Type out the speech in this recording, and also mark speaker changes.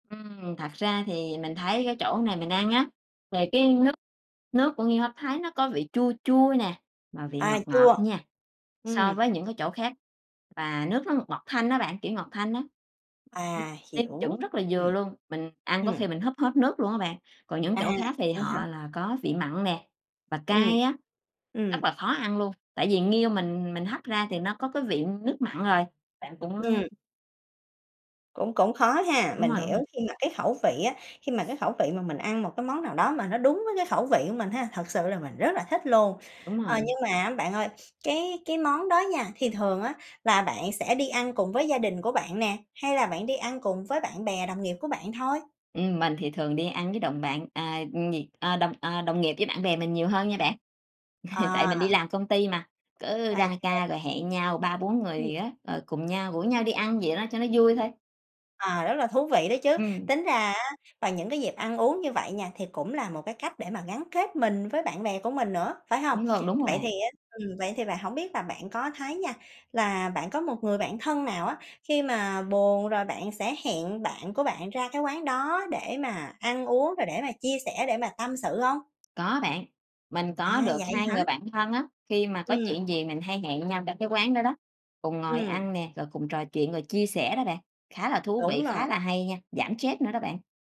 Speaker 1: Ừm, thật ra thì mình thấy cái chỗ này mình ăn á, về cái nước nước của nghêu hấp Thái nó có vị chua chua nè, mà vị
Speaker 2: À,
Speaker 1: ngọt ngọt
Speaker 2: chua,
Speaker 1: nha so
Speaker 2: ừm.
Speaker 1: với những cái chỗ khác. Và nước nó ngọt ngọt thanh á bạn, kiểu, ngọt thanh á. Ừm.
Speaker 2: À,
Speaker 1: Nêm
Speaker 2: hiểu,
Speaker 1: chuẩn rất là
Speaker 2: ừm.
Speaker 1: vừa luôn, mình ăn có
Speaker 2: Ừm.
Speaker 1: khi mình húp hết nước luôn á bạn. Còn những
Speaker 2: À,
Speaker 1: chỗ khác thì
Speaker 2: vậy hả?
Speaker 1: họ là có vị mặn nè, và
Speaker 2: Ừm.
Speaker 1: cay á,
Speaker 2: Ừm.
Speaker 1: rất là khó ăn luôn, tại vì nghêu
Speaker 2: [unintelligible]
Speaker 1: mình mình hấp ra thì nó có cái vị nước mặn rồi. Bạn cũng
Speaker 2: Ừm. Cũng cũng khó ha,
Speaker 1: Đúng
Speaker 2: mình
Speaker 1: rồi, đúng
Speaker 2: hiểu,
Speaker 1: rồi.
Speaker 2: khi mà cái khẩu vị á khi mà cái khẩu vị mà mình ăn một cái món nào đó mà nó đúng với cái khẩu vị của mình ha, thật sự là mình rất là thích luôn.
Speaker 1: Đúng
Speaker 2: Ờ,
Speaker 1: rồi.
Speaker 2: nhưng mà á bạn ơi, cái cái món đó nha, thì thường á là bạn sẽ đi ăn cùng với gia đình của bạn nè, hay là bạn đi ăn cùng với bạn bè, đồng nghiệp của bạn thôi?
Speaker 1: Ừm, mình thì thường đi ăn với đồng bạn, à, gì, à, đồng, à, đồng nghiệp với bạn bè mình nhiều hơn nha bạn. Tại
Speaker 2: Ờ.
Speaker 1: mình đi làm công ty mà, cứ ra
Speaker 2: OK.
Speaker 1: ca rồi hẹn nhau 3, 4 người
Speaker 2: Ừm.
Speaker 1: gì á, rồi cùng nhau, rủ nhau đi ăn vậy đó cho nó vui thôi.
Speaker 2: À, rất là thú vị đó chứ.
Speaker 1: Ừm.
Speaker 2: Tính ra á, vào những cái dịp ăn uống như vậy nha thì cũng là một cái cách để mà gắn kết mình với bạn bè của mình nữa, phải hông?
Speaker 1: Đúng luôn, đúng rồi
Speaker 2: Vậy thì
Speaker 1: bạn!
Speaker 2: á, ừm, vậy thì bạn, hổng biết là bạn có thấy nha, là bạn có một người bạn thân nào á khi mà buồn rồi bạn sẽ hẹn bạn của bạn ra cái quán đó để mà ăn uống, rồi để mà chia sẻ, để mà tâm sự hông?
Speaker 1: Có bạn, mình
Speaker 2: À,
Speaker 1: có được
Speaker 2: vậy
Speaker 1: 2
Speaker 2: hả?
Speaker 1: người bạn thân á, khi mà có
Speaker 2: Ừm.
Speaker 1: chuyện gì mình hay hẹn nhau trong cái quán đó đó, cùng ngồi
Speaker 2: Ừm.
Speaker 1: ăn nè, rồi cùng trò chuyện rồi chia sẻ đó bạn. Khá là thú vị,
Speaker 2: Đúng rồi.
Speaker 1: khá là hay nha, giảm stress nữa đó bạn.